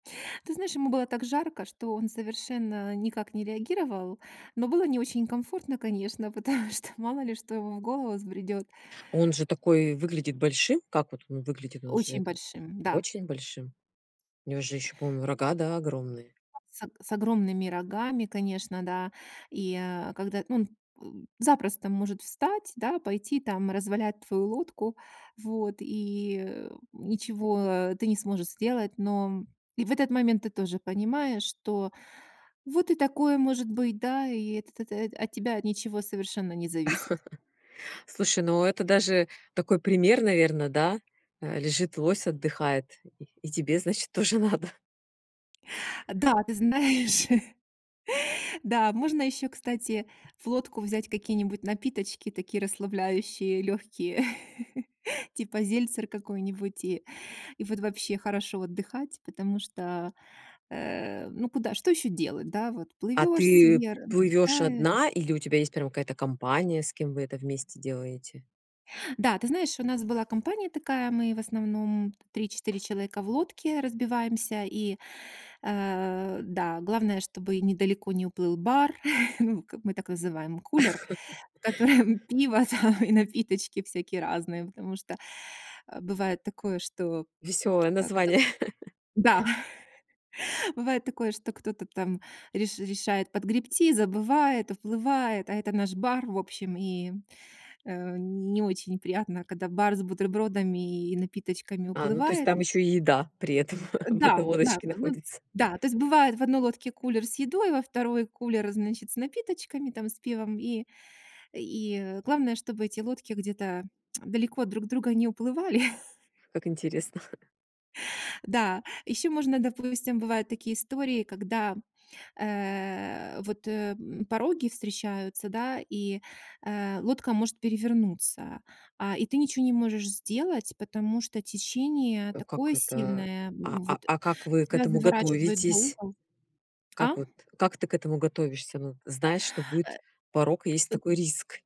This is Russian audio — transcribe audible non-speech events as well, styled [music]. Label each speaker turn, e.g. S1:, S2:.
S1: Ты знаешь, ему было так жарко, что он совершенно никак не реагировал. Но было не очень комфортно, конечно, потому что мало ли что ему в голову взбредет.
S2: Он же такой, выглядит большим. Как вот он выглядит? Он же
S1: Очень
S2: это,
S1: большим. Да.
S2: очень большим. У него же еще, по-моему, рога, да, огромные?
S1: А с ог с огромными рогами, конечно, да. И, а, когда он, м, запросто может встать, да, пойти там развалять твою лодку. Вот. И, э, ничего ты не сможешь сделать. Но и в этот момент ты тоже понимаешь, что вот и такое может быть, да, и это то то от тебя ничего совершенно не зависит.
S2: [chuckles] Слушай, ну это даже такой пример, наверно, да? Э-э, лежит лось, отдыхает. И и тебе, значит, тоже надо. [chuckles]
S1: Да, ты знаешь. [laughs] Да, можно еще, кстати, в лодку взять какие-нибудь напиточки такие расслабляющие легкие. [laughs] Типа зельцер какой-нибудь, и и вот вообще хорошо отдыхать, потому что, э-э, ну куда что еще делать, да? Вот
S2: А
S1: плывешь
S2: ты
S1: себе
S2: плывешь
S1: [unintelligible]
S2: одна? Или у тебя есть прям какая-то компания, с кем вы это вместе делаете?
S1: Да, ты знаешь, у нас была компания такая, мы в основном 3-4 человека в лодке разбиваемся. И, а-а, да, главное, чтобы недалеко не уплыл бар, [chuckles] ну, как мы так называем, кулер, в
S2: [laughs]
S1: котором пиво там и напиточки всякие разные. Потому что, а, бывает такое, что,
S2: Веселое
S1: как это
S2: название. [laughs]
S1: да, [laughs] бывает такое, что кто-то там реш решает подгребти, забывает, уплывает, а это наш бар. В общем, и, э-э, не очень приятно, когда бар с бутербродами и напиточками
S2: А, ну то есть
S1: уплывает.
S2: там ещё и еда при этом [chuckles] в
S1: Да,
S2: этой
S1: да,
S2: лодочке
S1: ну,
S2: находится.
S1: да, то есть бывает, в одной лодке кулер с едой, во 2 кулер, значит, с напиточками там, с пивом, и и главное, чтобы эти лодки где-то [tsk] далеко друг от друга не уплывали. [chuckles]
S2: Как интересно! [laughs]
S1: Да, еще можно, допустим, бывают такие истории, когда, э-э, вот, э, мм, пороги встречаются, да, и, э, лодка может перевернуться. А, и ты ниче не можешь сделать, потому что течение
S2: А как
S1: такое
S2: это?
S1: сильное,
S2: А а
S1: вот
S2: а как вы к
S1: тебя
S2: этому
S1: заворачивает за
S2: готовитесь?
S1: угол.
S2: Как
S1: А?
S2: вот как ты к этому готовишься? Ну знаешь, что
S1: Э,
S2: будет порог, есть
S1: ы
S2: такой риск.